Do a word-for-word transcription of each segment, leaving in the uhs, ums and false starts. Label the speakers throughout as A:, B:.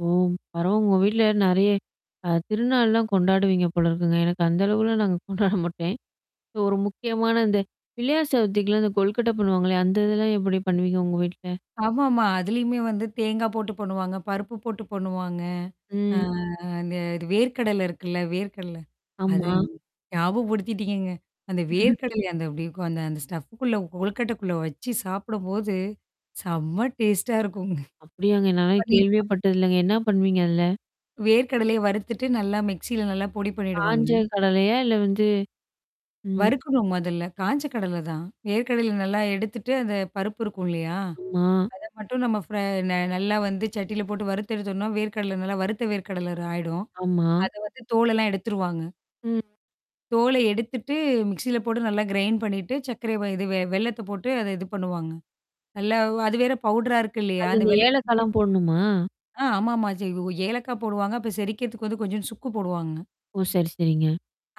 A: ஓ! பரவ உங்க வீட்ல நெறைய. அ திருநாள்லாம் கொண்டாடுவீங்க போல இருக்குங்க. எனக்கு அந்த அளவுல நாங்க கொண்டாட மாட்டேன். ஒரு முக்கியமான இந்த பிள்ளையார்சதுத்திகலாம் இந்த கொல்கட்ட பண்ணுவாங்கல்லயா? அந்த இதெல்லாம் எப்படி பண்ணுவீங்க உங்க வீட்ல?
B: ஆமாமா. அதுலயுமே வந்து தேங்காய் போட்டு பண்ணுவாங்க, பருப்பு போட்டு பொண்ணுவாங்க. ஆ
A: ம்.
B: அந்த இது வேர்கடல இருக்குல்ல, வேர்கடல.
A: ஆமா.
B: அதுங் ஞாபகப்படுத்திட்டீங்கங்க. அந்த வேர்க்கடல அந்த அப்படி இருக்கும் அந்த அந்த ஸ்டஃப்க்குள்ள கொல்கட்டக்குள்ள வச்சு சாப்பிடும்போது, செம்ம டேஸ்ட்டா இருக்குங்
A: அப்டியாங்க. நானெல்லா
B: பண்ணிருப்பா
A: கேள்வியேப்பட்டதில்லங்க. என்ன பண்ணுவீங்க அதுல?
B: வேர்க் கடலைய வறுத்துட்டு நல்லா மிக்ஸில நல்லா பொடி பண்ணிடுவாங்க.
A: காஞ்ச கடலையா? இல்ல வந்து? ம்.
B: வறுக்கணும் முதல்ல. காய்ஞ்ச கடல தான். ஏற்கடையில நல்லா எடுத்துட்டு அந்த பருப்பு இருக்கும் இல்லையா?
A: ஆமா.
B: அதை மட்டும் நம்ம ஃப்ர ந நல்லா வந்து சட்டியில போட்டு வறுத்த எடுத்தோம்னா, வேர் கடல நல்லா வறுத்த வேர் கடலர் ராயிடும்.
A: ஆமா.
B: அதை வந்து தோளெல்லாம் எடுத்துருவாங்க.
A: ம்.
B: தோலை எடுத்துட்டு மிக்ஸில போட்டு நல்லா கிரைன் பண்ணிட்டு, சர்க்கரை வாய் இது வெ வெள்ளத்த போட்டு அத இது பண்ணுவாங்க. நல்லா அது வேற பவுடரா இருக்கு இல்லையா?
A: அது
B: அந்த
A: இந்த
B: வெள்ளத்துக்கு
A: ஏழக்கலம் போடணுமா?
B: ஆ ஆமாமா ச ஏலக்காய போடுவாங்க. அப்ப செரிக்கிறதுக்கு வந்து கொஞ்சம் சுக்கு போடுவாங்க.
A: ஓ! சேரி, சேரிங்க.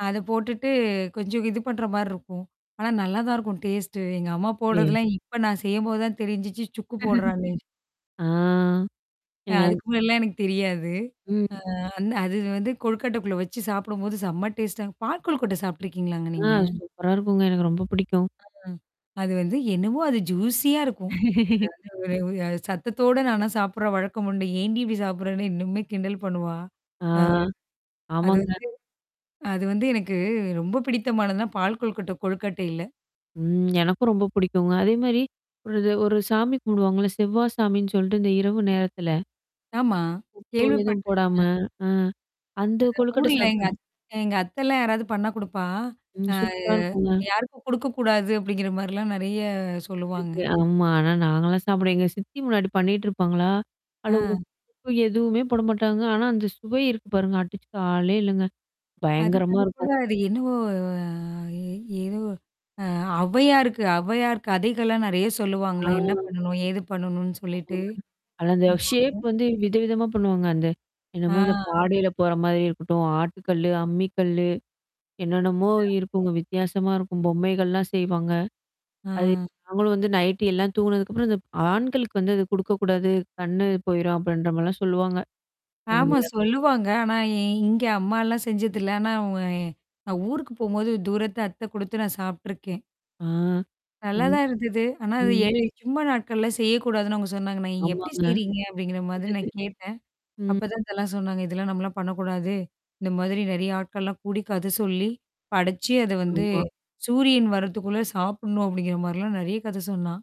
B: அதை போட்டுட்டு கொஞ்சம் இது பண்ற மாரி இருக்கும். ஆனா நல்லா தான் இருக்கும் டேஸ்ட்டு. எங்க அம்மா
A: அப்டியா?
B: போடுறதெல்லாம் இப்ப நான் செய்யும்போது தான் தெரிஞ்சுச்சு சுக்கு போடுறாங்னே!
A: ஆ.
B: அ
A: இதங்
B: அதுக்கு முன்னாடி எல்லாம் எனக்கு தெரியாது.
A: ம்.
B: அ அந்த அது வந்து கொழுக்காட்டைக்குள்ள வச்சு சாப்பிடும்போது செம்ம டேஸ்ட்டா. பால் கொல்கட்ட சாப்பட்டுருக்கீங்களாங்க
A: ஆ
B: நீங்க?
A: சூப்பரா இருக்குங்க. எனக்கு ரொம்ப பிடிக்கும்.
B: அ அது வந்து என்னமோ அது ஜூசியா இருக்கும். அது வந்து ஒரு ஒரு சத்தத்தோட நானா சாப்பிடுறேன் வழக்கம் உண்டு. என்டி இப்டி சாப்பிடுறேன்னு இன்னுமே கிண்டல் பண்ணுவா?
A: ஆ.
B: ஆ. அது
A: ஆமாங்க.
B: வந்து அது வந்து எனக்கு ரொம்ப பிடித்தமானதுன்னா, பால் கொழுக்கட்ட கொழுக்கட்டைல.
A: ம். எனக்கும் ரொம்ப புடிக்குங்க. அதே மாரி. ஒருது ஒரு சாமி கும்பிடுவாங்கள்ல, செவ்வா சாமின்னு சொல்லிட்டு இந்த இரவு நேரத்தில.
B: ஆமா.
A: உப்பு எதுவும்
B: கேள்விப்பட்ருக்கேன்.
A: போடாம. அ. அந்த
B: அ
A: கொழுக்கட்ட
B: ஊர்ல.
A: சாப்
B: எங்க அத்த அத்தல்லாம் யாராவது பண்ண குடுப்பா,
A: ம்.
B: ஆ
A: சூப்பரா இருக்குங்க.
B: யாருக்கும் குடுக்கக்கூடாது அப்படிங்கிற மாரிலாம் நெறைய
A: அப்டி
B: சொல்லுவாங்க.
A: இருக்கு, ஆமா. ஆனா நாங்கலாம் சாப்பிடுவேன். எங்க சித்தி முன்னாடி பண்ணிட்டுருப்பாங்களா? அதுல
B: ஆ.
A: உப்பு எதுவுமே போடமாட்டாங்க. ஆனா அந்த சுவை இருக்கு பாருங்க. அடிச்சு காலே இல்லங்க.
B: அதுக்கு
A: பயங்கரமா
B: அது கூட
A: இருக்கும்.
B: அது என்னவோ ஏதோ அ அவையாருக்கு அவையார் கதைகள்லாம் நெறைய சொல்லுவாங்களா? என்ன
A: ஆ.
B: பண்ணணும்? ஏது பண்ணணும்னு சொல்லிட்டு.
A: ஆமாங்க, அதுல அந்த ஷேப்
B: [unintelligible]
A: வந்து விதவிதமா பண்ணுவாங்க அந்த.
B: ஆ.
A: என்னமோ இந்த பாடைல போற மாரி இருக்கட்டும். ஆட்டு கல்லு, அம்மி கல்லு. என்னென்னமோ
B: [unintelligible]
A: இருக்குங்க வித்தியாசமா இருக்கும். பொம்மைகள்லாம் செய்வாங்க. அது
B: ஆ.
A: நாங்களும் வந்து நைட்டு எல்லாம் தூங்குனதுக்கப்புறம் இந்த ஆண்களுக்கு வந்து அது குடுக்கக்கூடாது கண்ணு போயிரும் அப்படின்ற மாரிலாம் சொல்லுவாங்க.
B: ஆமா
A: அதுனால.
B: சொல்லுவாங்க. ஆனா எ இங்க அம்மாலாம் செஞ்சதில்ல. ஆனா நான் ஊருக்கு போம்போது தூரத்து அத்தை குடுத்து நான் சாப்டுருக்கேன்.
A: ஆ.
B: நல்லா
A: ம்.
B: தான் இருந்தது. ஆனா, அது எ
A: ம்.
B: சும்ம நாட்கள்லாம் செய்யக்கூடாதுன்னு அவங்க சொன்னாங்க நான், நீங்க எப்படி
A: ஆமாங்க.
B: செய்றீங்க? அப்படிங்கிற மாதிரி நான் கேட்டேன்.
A: ம்.
B: அப்பதான் இதெல்லாம் சொன்னாங்க. இதெல்லாம் நம்மலாம் பண்ணக்கூடாது. இந்த மாதிரி நெறைய ஆட்கள்லாம் கூடி கத சொல்லி, படிச்சு அத வந்து,
A: ஆமா.
B: சூரியன் வரத்துக்குள்ள சாப்பிடணும் அப்படிங்கிற மாரிலாம் நெறைய கதை சொன்னா.